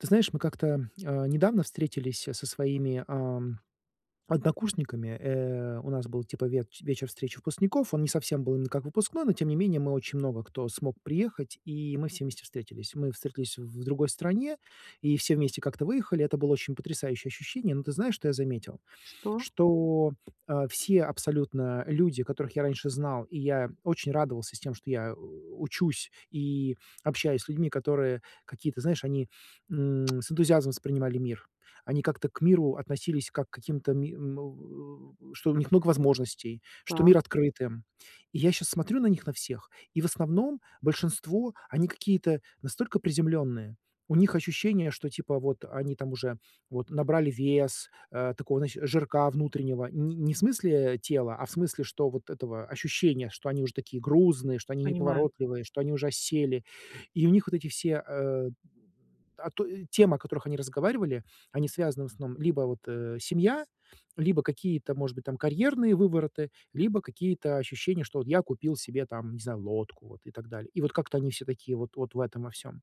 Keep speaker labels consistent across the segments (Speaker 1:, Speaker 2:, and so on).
Speaker 1: Ты знаешь, мы как-то, а, недавно встретились, а, со своими, ам, однокурсниками. Э, у нас был типа ветч вечер встречи выпускников. Он не совсем был как выпускной, но тем не менее мы очень много кто смог приехать, и мы все вместе встретились. Мы встретились в другой стране, и все вместе как-то выехали. Это было очень потрясающее ощущение. Но ты знаешь, что я заметил,
Speaker 2: Что?
Speaker 1: что, а, все абсолютно люди, которых я раньше знал, и я очень радовался с тем, что я, э, учусь и общаюсь с людьми, которые какие-то, знаешь, они, м, с энтузиазмом воспринимали мир. Они как-то к миру относились, как к каким-то, ми му э, что у них много возможностей, что
Speaker 2: Так.
Speaker 1: мир открыт им. И я щас смотрю на них на всех, и в основном, большинство, они какие-то настолько приземленные, у них ощущение, что типа вот они там уже вот набрали вес, э, такого знаешь жирка внутреннего, не не в смысле тела, а в смысле, что вот этого ощущения, что они уже такие грузные, что они
Speaker 2: Понимаю.
Speaker 1: неповоротливые, что они уже осели, и у них вот эти все, э, а, то и темы, о которых они разговаривали, они связаны в основном либо вот, э, семья, либо какие-то, может быть, там карьерные вывороты, либо какие-то ощущения, что вот я купил себе там, не знаю, лодку, вот, и так далее. И вот как-то они все такие вот вот в этом во всем.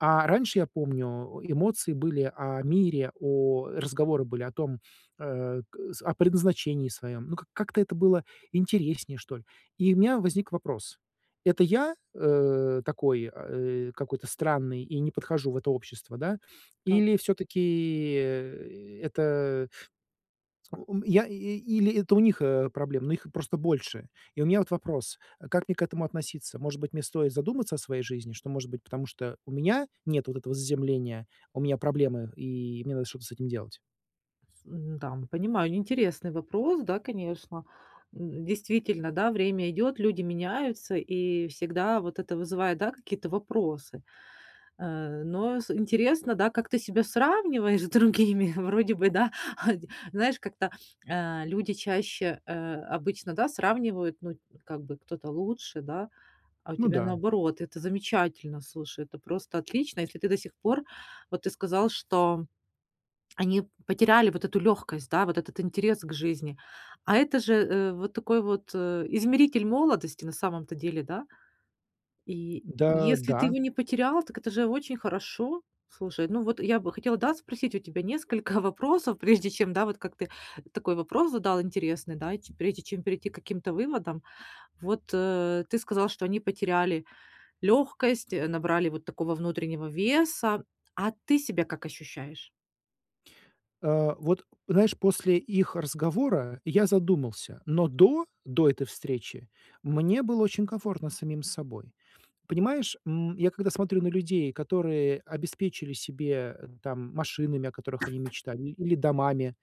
Speaker 1: А раньше, я помню, эмоции были о мире, о разговоры были о том, э, к с, о предназначении своем. Ну к как как-то это было интереснее, что ли. И у меня возник вопрос: это я, э, такой, а, э, какой-то странный и не подхожу в это общество, да,
Speaker 2: Так.
Speaker 1: или всё-таки, э, это ум я, и или это у них, э, проблемы, но их просто больше? И у меня вот вопрос: э, как мне к этому относиться? Может быть, мне стоит задуматься о своей жизни? Что, может быть, потому что у меня нет вот этого заземления, у меня проблемы, и мне надо что-то с этим делать?
Speaker 2: М-да. Понимаю интересный вопрос, да, конечно. М, действительно, да, время идет, люди меняются, и всегда вот это вызывает, да, какие-то вопросы, э, но с интересно, да, как ты себя сравниваешь с другими. Вроде бы, да, а, дь знаешь, как-то, а, люди чаще, э, обычно, да, сравнивают, ну, как бы, кто-то лучше, да, а у
Speaker 1: Ну
Speaker 2: тебя
Speaker 1: да.
Speaker 2: наоборот. Это замечательно, слушай, это просто отлично. Если ты до сих пор, вот ты сказал, что они потеряли вот эту легкость, да, вот этот интерес к жизни, а это же, э, вот такой вот, э, измеритель молодости, на самом-то деле, да? И
Speaker 1: Да,
Speaker 2: если ты
Speaker 1: да.
Speaker 2: его не потерял, так это же очень хорошо. Слушай, ну, вот я бы хотела да спросить у тебя несколько вопросов, прежде чем, да, вот как ты такой вопрос задал интересный, да, и те прежде чем перейти к каким-то выводам. Вот, э, ты сказал, что они потеряли лёгкость, э, набрали вот такого внутреннего веса, а ты себя как ощущаешь?
Speaker 1: Э, вот, знаешь, после их разговора я задумался, но до, до этой встречи мне было очень комфортно с самим собой. Понимаешь, м, я когда смотрю на людей, которые обеспечили себе там машинами, о которых они мечтали, или домами,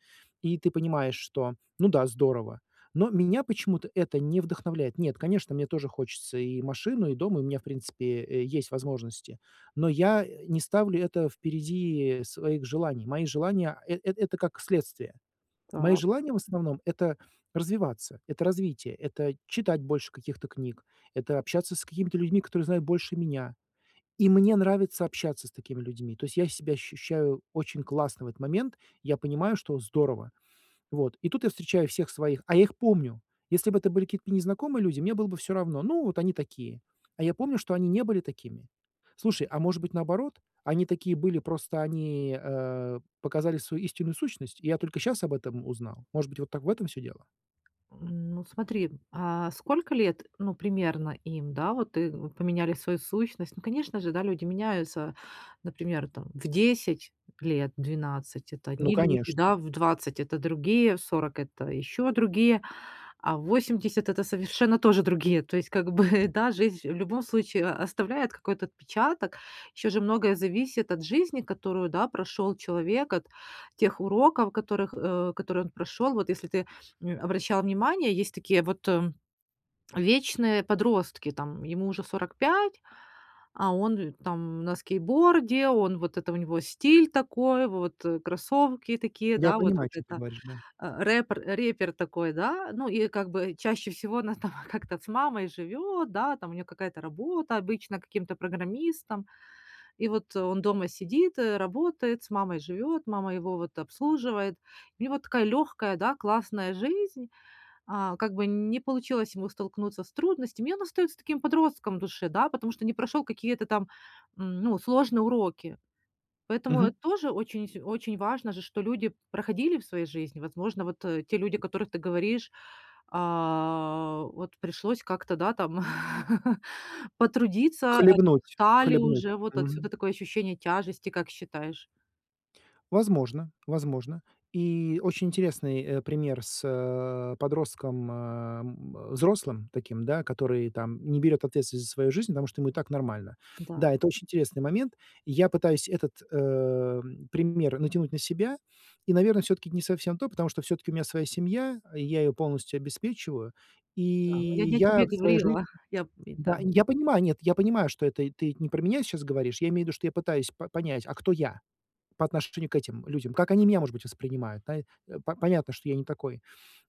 Speaker 1: и ты понимаешь, что, ну да, здорово, но меня почему-то это не вдохновляет. Нет, конечно, мне тоже хочется и машину, и дом, и у меня, в принципе, э, есть возможности, но я не ставлю это впереди своих желаний. Мои желания, э это как следствие. Мои
Speaker 2: Так.
Speaker 1: желания, в основном, это развиваться, это развитие, это читать больше каких-то книг, это общаться с какими-то людьми, которые знают больше меня. И мне нравится общаться с такими людьми. То есть я себя ощущаю очень классно в этот момент, я понимаю, что здорово. Вот. И тут я встречаю всех своих, а я их помню. Если бы это были какие-то незнакомые люди, мне было бы всё равно, ну, вот они такие. А я помню, что они не были такими. Слушай, а может быть, наоборот? Они такие были, просто они, э, показали свою истинную сущность, и я только сейчас об этом узнал? Может быть, вот так в этом всё дело?
Speaker 2: Ну, смотри, а сколько лет, ну, примерно им, да, вот ты вот поменяли свою сущность. Ну, конечно же, да, люди меняются, например, там в 10 лет, в 12 - это
Speaker 1: Ну,
Speaker 2: одни люди,
Speaker 1: конечно.
Speaker 2: да, в 20 - это другие, в 40 - это еще другие, а в 80 - это совершенно тоже другие. То есть как бы, да, жизнь, в любом случае, оставляет какой-то отпечаток. Еще же многое зависит от жизни, которую, да, прошел человек, от тех уроков, которых, э, которые он прошел. Вот если ты, м, обращал внимание, есть такие вот вечные подростки, там ему уже 45, а он, э, там на скейтборде, он вот это, у него стиль такой, вот кроссовки такие,
Speaker 1: Я
Speaker 2: да, вот
Speaker 1: понимаю,
Speaker 2: вот
Speaker 1: о чём ты
Speaker 2: это.
Speaker 1: говоришь, да.
Speaker 2: Э, рэпер, э, рэпер такой, да. Ну, и как бы чаще всего она там как-то с мамой живет, да, там у нее какая-то работа, обычно каким-то программистом. И вот он дома сидит, э, работает, с мамой живет, мама его вот обслуживает. У него такая легкая, да, классная жизнь, а как бы не получилось ему столкнуться с трудностями, и он остается таким подростком в душе, да, потому что не прошел какие-то там, м, ну, сложные уроки. Поэтому
Speaker 1: Мгм.
Speaker 2: тоже очень вс очень важно же, что люди проходили в своей жизни. Возможно, вот те люди, о которых ты говоришь, а, вот пришлось как-то, да, там потрудиться, они
Speaker 1: Хлебнуть,
Speaker 2: устали
Speaker 1: хлебнуть,
Speaker 2: уже- вот
Speaker 1: мгм.
Speaker 2: отсюда такое ощущение тяжести, как считаешь?
Speaker 1: Возможно. Возможно. И очень интересный, э, пример с, э, подростком, э, м, взрослым таким, который там не берет ответственность за свою жизнь, потому что ему и так нормально. Да,
Speaker 2: Да.
Speaker 1: это очень интересный момент. Я пытаюсь этот, э, пример натянуть на себя и, наверное, всё-таки не совсем то, потому что всё-таки у меня своя семья, и я ее полностью обеспечиваю, и
Speaker 2: Да. Я, я
Speaker 1: я
Speaker 2: тебе
Speaker 1: в своей жизни
Speaker 2: говорила, я п
Speaker 1: Да.
Speaker 2: да.
Speaker 1: Я понимаю, нет, я понимаю, что это ты не про меня сейчас говоришь, я имею в виду, что я пытаюсь па понять, а кто я, по отношению к этим людям, как они меня, может быть, воспринимают. Наи понятно, что я не такой.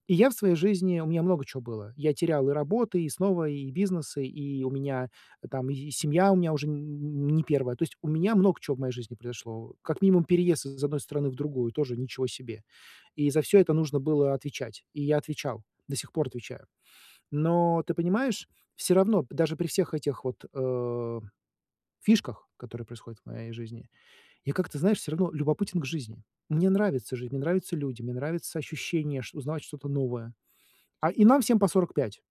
Speaker 1: И я в своей жизни, у меня много чего было. Я терял и работы, и снова, и бизнесы, и у меня там и и семья у меня уже н н не 1. То есть, у меня много чего в моей жизни произошло. Как минимум переезд из одной страны в другую тоже, ничего себе. И за всё это нужно было отвечать, и я отвечал, до сих пор отвечаю. Но ты понимаешь, всё равно даже при всех этих вот, э, фишках, которые происходят в моей жизни, я как-то, знаешь, всё равно любопытен к жизни. Мне нравится жизнь, мне нравится люди, мне нравится ощущение ш узнавать что-то новое. А. И нам всем по 45.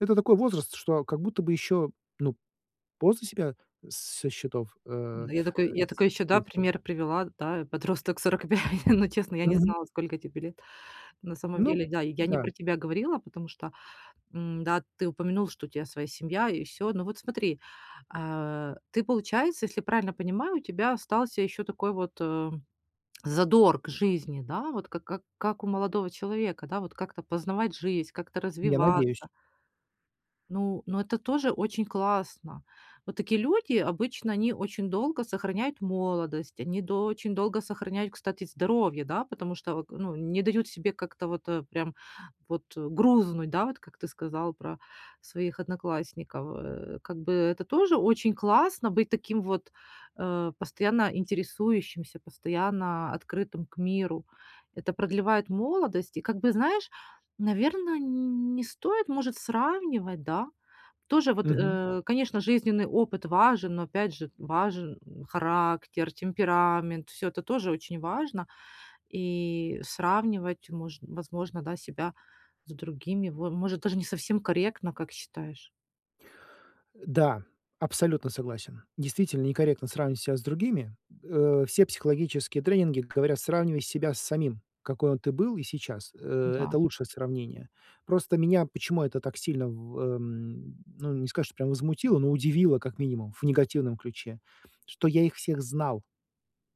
Speaker 1: Это такой возраст, что как будто бы еще, ну, после себя со счетов, э,
Speaker 2: Да, я такой я
Speaker 1: с
Speaker 2: такой еще,
Speaker 1: с.
Speaker 2: да,
Speaker 1: [unintelligible]
Speaker 2: пример привела, да, подросток 45, но честно, я не
Speaker 1: Мгм.
Speaker 2: знала, сколько тебе лет. На самом
Speaker 1: Ну
Speaker 2: деле, да, я не
Speaker 1: да.
Speaker 2: про тебя говорила, потому что, м, да, ты упомянул, что у тебя своя семья и всё. Ну вот смотри, э, ты получается, если я правильно понимаю, у тебя остался еще такой вот, э, задор к жизни, да. Вот к как как у молодого человека, да, вот как-то познавать жизнь, как-то
Speaker 1: Я надеюсь.
Speaker 2: развиваться. Ну, но это тоже очень классно. Вот такие люди обычно они очень долго сохраняют молодость, они дол очень долго сохраняют, кстати, здоровье, да, потому что вот к ну не дают себе как-то вот прям вот грузнуть, да, вот как ты сказал про своих одноклассников. Э, как бы это тоже очень классно быть таким вот, э, постоянно интересующимся, постоянно открытым к миру. Это продлевает молодость, и как бы знаешь, наверное, н не стоит может сравнивать, да. Тоже вот,
Speaker 1: Мгм.
Speaker 2: э, конечно, жизненный опыт важен, но опять же важен характер, темперамент, всё это тоже очень важно. И сравнивать, мож возможно, да, себя с другими, во может даже не совсем корректно, как считаешь?
Speaker 1: Да, абсолютно согласен. Действительно, некорректно сравнивать ся с другими. Э. Все психологические тренинги говорят: сравнивай себя с самим, какой он ты был и сейчас. Э.
Speaker 2: Да.
Speaker 1: Это лучшее сравнение. Просто меня почему это так сильно в м, ну, не сказать, что прямо возмутило, но удивило, как минимум, в негативном ключе, что я их всех знал.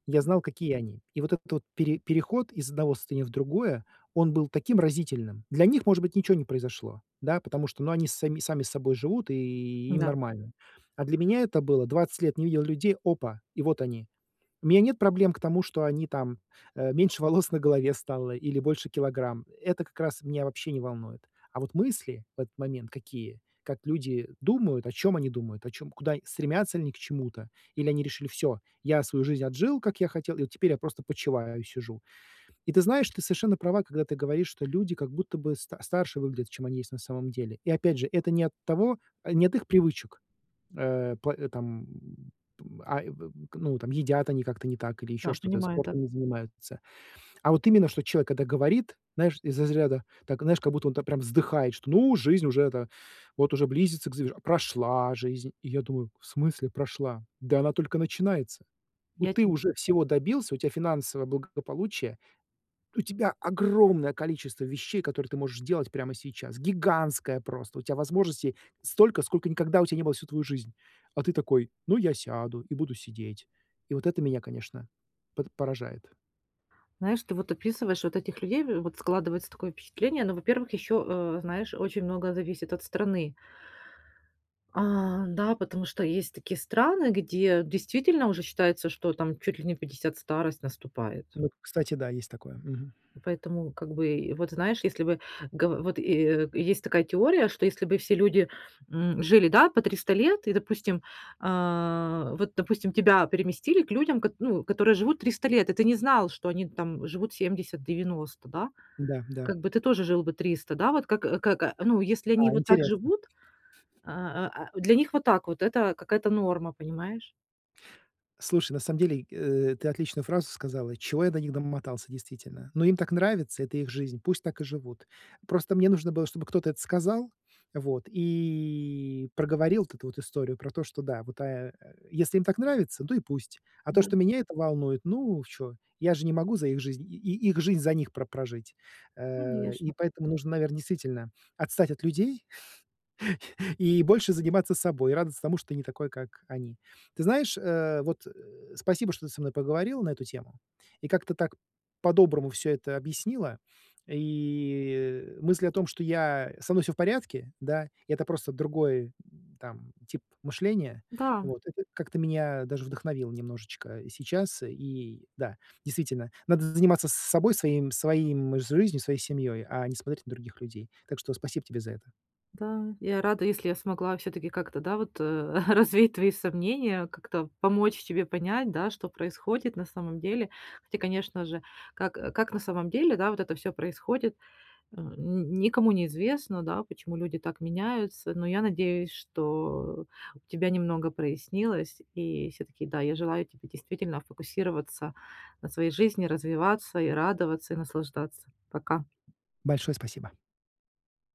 Speaker 1: Я знал, какие они. И вот этот вот пере переход из одного состояния в другое, он был таким разительным. Для них, может быть, ничего не произошло, да потому что, ну, они с са сами собой живут, и им
Speaker 2: Да.
Speaker 1: нормально. А для меня это было- 20 лет не видел людей опа, и вот они. У меня нет проблем к тому, что они там, э, меньше волос на голове стало или больше килограмм. Это как раз меня вообще не волнует. А вот мысли в этот момент какие? Как люди думают, о чём они думают, о чём, куда стремятся ли они к чему-то, или они решили: "Всё, я свою жизнь отжил, как я хотел, и вот теперь я просто почиваю и сижу". И ты знаешь, ты совершенно права, когда ты говоришь, что люди как будто бы ста старше выглядят, чем они есть на самом деле. И опять же, это не от того, а, не от их привычек, э, пла там, м, а, и к ну там едят они как-то не так или еще
Speaker 2: Да,
Speaker 1: что-то,
Speaker 2: понимаю, да.
Speaker 1: спортом не занимаются, А вот именно, что человек это говорит, знаешь, из разряда так, знаешь, как будто он так прям вздыхает, что, ну: "Жизнь уже это вот уже близится к завер Прошла жизнь". И я думаю: "В смысле прошла? Да она только начинается.
Speaker 2: Я
Speaker 1: Ты
Speaker 2: те
Speaker 1: уже всего добился, у тебя финансовое благополучие, у тебя огромное количество вещей, которые ты можешь делать прямо сейчас. Гигантское просто. У тя возможностей столько, сколько никогда у тя не было всю твою жизнь. А ты такой- ну, я сяду и буду сидеть". И вот это меня, конечно, под поражает.
Speaker 2: Знаешь, ты вот описываешь вот этих людей, в вот складывается такое впечатление, но, во-первых, еще, э, знаешь очень много зависит от страны. А. Да, потому что есть такие страны, где действительно уже считается, что там чуть ли не в 50 старость наступает.
Speaker 1: Вот кстати, да, есть такое, мгм.
Speaker 2: И поэтому, как бы, вот знаешь, если бы го вот и, э, есть такая теория, что если бы все люди, м, жили да по 300 лет и допустим, э, вот допустим тебя переместили к людям, кот ну которые живут 300 лет и ты не знал, что они там живут 70 90, да,
Speaker 1: Да, да.
Speaker 2: как бы ты тоже жил бы 300, да вот. Как, э, к к как ну если они
Speaker 1: А,
Speaker 2: вот так
Speaker 1: интересно.
Speaker 2: живут, э, э, а, для них вот так вот- это какая-то норма, понимаешь?
Speaker 1: Слушай, на самом деле, э, ты отличную фразу сказала. Чего я до них домотался действительно? Ну, им так нравится. Это их жизнь, пусть так и живут. Просто мне нужно было, чтобы кто-то это сказал, вот и проговорил вот эту вот историю про то, что да, вот, э, э, если им так нравится, да и пусть. А то,
Speaker 2: Да.
Speaker 1: что меня это волнует, ну, чё, я же не могу за их жизнь и их жизнь за них про прожить. Э. И
Speaker 2: Конечно.
Speaker 1: поэтому нужно, наверное, действительно отстать от людей и больше заниматься собой, радоваться тому, что ты не такой, как они. Ты знаешь, э, вот спасибо, что ты со мной поговорила на эту тему, и как-то так по-доброму всё это объяснила, и мысль о том, что я со мной всё в порядке, да, это просто другой там тип мышления,
Speaker 2: Да.
Speaker 1: вот. Это как-то меня даже вдохновило немножечко сейчас. И да, действительно, надо заниматься с собой, своим своим жизнью, своей семьей, а не смотреть на других людей. Так что спасибо тебе за это.
Speaker 2: Да. Я рада, если я смогла всё-таки как-то, да, вот, э, развеять твои сомнения, как-то помочь тебе понять, да, что происходит, на самом деле. Хотя конечно же как как на самом деле да вот это всё происходит, м, н никому неизвестно, да, почему люди так меняются, но я надеюсь, что у тебя немного прояснилось. И всё-таки, да, я желаю тебе действительно фокусироваться на своей жизни, развиваться, и радоваться, и наслаждаться. Пока.
Speaker 1: Большое спасибо.